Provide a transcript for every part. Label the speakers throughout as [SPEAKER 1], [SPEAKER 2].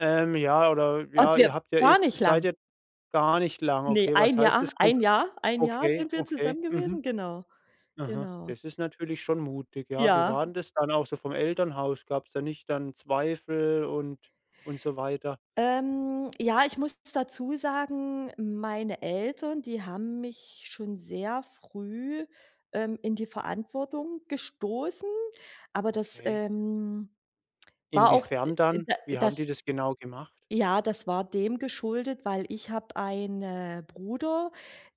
[SPEAKER 1] Ähm, ja oder
[SPEAKER 2] Oh,
[SPEAKER 1] ja,
[SPEAKER 2] du,
[SPEAKER 1] ihr habt ja,
[SPEAKER 2] gar
[SPEAKER 1] ist
[SPEAKER 2] nicht
[SPEAKER 1] seid
[SPEAKER 2] lang.
[SPEAKER 1] ihr gar nicht lang,
[SPEAKER 2] Ne,
[SPEAKER 1] okay?
[SPEAKER 2] ein
[SPEAKER 1] Was heißt
[SPEAKER 2] Jahr
[SPEAKER 1] das kon
[SPEAKER 2] ein Jahr ein Jahr
[SPEAKER 1] okay,
[SPEAKER 2] sind wir
[SPEAKER 1] okay.
[SPEAKER 2] zusammen gewesen.
[SPEAKER 1] Mhm.
[SPEAKER 2] Genau,
[SPEAKER 1] Aha,
[SPEAKER 2] genau.
[SPEAKER 1] das ist natürlich schon mutig, ja. Wie
[SPEAKER 2] Ja.
[SPEAKER 1] waren das dann auch so vom Elternhaus? Gab's dann nicht dann Zweifel und und so weiter?
[SPEAKER 2] Ähm, ja, ich muss dazu sagen, meine Eltern, die haben mich schon sehr früh, ähm, in die Verantwortung gestoßen. Aber das,
[SPEAKER 1] Okay.
[SPEAKER 2] ähm, war auch, d
[SPEAKER 1] Inwiefern dann?
[SPEAKER 2] da
[SPEAKER 1] Wie haben die
[SPEAKER 2] das
[SPEAKER 1] das genau gemacht?
[SPEAKER 2] ja, das war dem geschuldet, weil ich habe eine Bruder,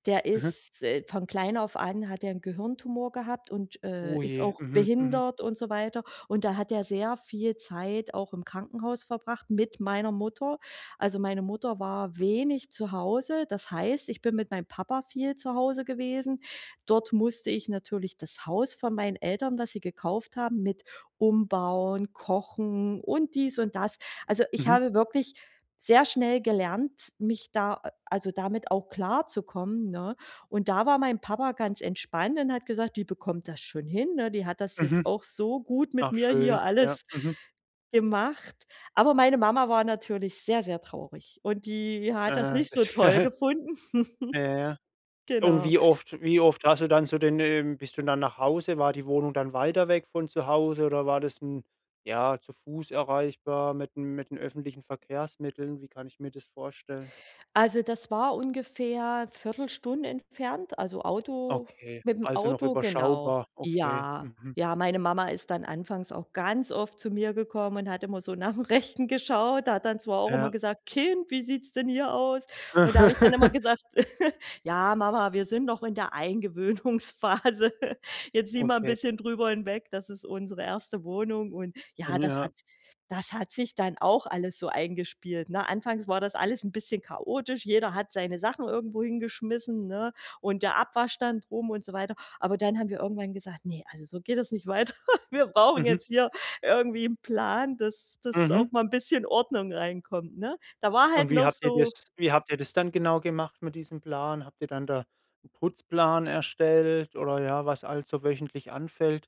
[SPEAKER 2] der
[SPEAKER 1] Mhm.
[SPEAKER 2] ist, äh von klein auf an hat der 'n Gehirntumor gehabt und, äh, ist
[SPEAKER 1] Ohje.
[SPEAKER 2] auch
[SPEAKER 1] Mhm, mhm.
[SPEAKER 2] behindert und so weiter. Und da hat er sehr viel Zeit auch im Krankenhaus verbracht mit meiner Mutter. Also, meine Mutter war wenig zu Hause. Das heißt, ich bin mit meinem Papa viel zu Hause gewesen. Dort musste ich natürlich das Haus von meinen Eltern, das sie gekauft haben, mit umbauen, kochen und dies und das. Also, ich
[SPEAKER 1] Mhm.
[SPEAKER 2] habe wirklich sehr schnell gelernt, mich da a also damit auch klarzukommen, ne? Und da war mein Papa ganz entspannt und hat gesagt: „Die bekommt das schon hin, ne? Die hat das jetzt
[SPEAKER 1] Mhm.
[SPEAKER 2] auch so gut mit
[SPEAKER 1] Ach,
[SPEAKER 2] mir hier
[SPEAKER 1] schön. Ja,
[SPEAKER 2] alles
[SPEAKER 1] mhm.
[SPEAKER 2] gemacht.“ Aber meine Mama war natürlich sehr, sehr traurig und die hat das
[SPEAKER 1] Aha,
[SPEAKER 2] nicht so
[SPEAKER 1] das
[SPEAKER 2] toll gefunden.
[SPEAKER 1] ja, ja. Und
[SPEAKER 2] Genau.
[SPEAKER 1] wie oft wie oft hast du dann zu den, ähm bist du dann nach Hause? War die Wohnung dann weiter weg von zu Hause oder war das 'n ja, zu Fuß erreichbar mit dem mit den öffentlichen Verkehrsmitteln? Wie kann ich mir das vorstellen?
[SPEAKER 2] Also, das war ungefähr Viertelstunde entfernt, also Auto
[SPEAKER 1] Okay,
[SPEAKER 2] mit 'm
[SPEAKER 1] also noch
[SPEAKER 2] Auto genau.
[SPEAKER 1] überschaubar. Okay.
[SPEAKER 2] Ja.
[SPEAKER 1] Mhm.
[SPEAKER 2] Ja, meine Mama ist dann anfangs auch ganz oft zu mir gekommen und hat immer so nach 'm Rechten geschaut. Da hat dann zwar auch immer
[SPEAKER 1] Ja.
[SPEAKER 2] gesagt: „Kind, wie sieht's denn hier aus?” Und da habe ich dann immer gesagt: „Ja, Mama, wir sind noch in der Eingewöhnungsphase. Jetzt sieh mal 'n
[SPEAKER 1] Okay.
[SPEAKER 2] bisschen drüber hinweg, das ist unsere erste Wohnung!”, und ja,
[SPEAKER 1] Ähm,
[SPEAKER 2] das
[SPEAKER 1] ja.
[SPEAKER 2] hat das hat sich dann auch alles so eingespielt, ne? Anfangs war das alles 'n bisschen chaotisch. Jeder hat seine Sachen irgendwo hingeschmissen, ne? Und der Abwaschstand rum und so weiter. Aber dann haben wir irgendwann gesagt: „Ne, also so geht es nicht weiter. Wir brauchen
[SPEAKER 1] Mhm.
[SPEAKER 2] jetzt hier irgendwie 'n Plan, dass dass auch
[SPEAKER 1] Mhm.
[SPEAKER 2] mal 'n bisschen Ordnung reinkommt, ne? Da war
[SPEAKER 1] Und
[SPEAKER 2] halt
[SPEAKER 1] wie
[SPEAKER 2] noch
[SPEAKER 1] habt ihr
[SPEAKER 2] so
[SPEAKER 1] das wie habt ihr das dann genau gemacht mit diesem Plan? Habt ihr dann da 'n Putzplan erstellt oder ja, was alles so wöchentlich anfällt?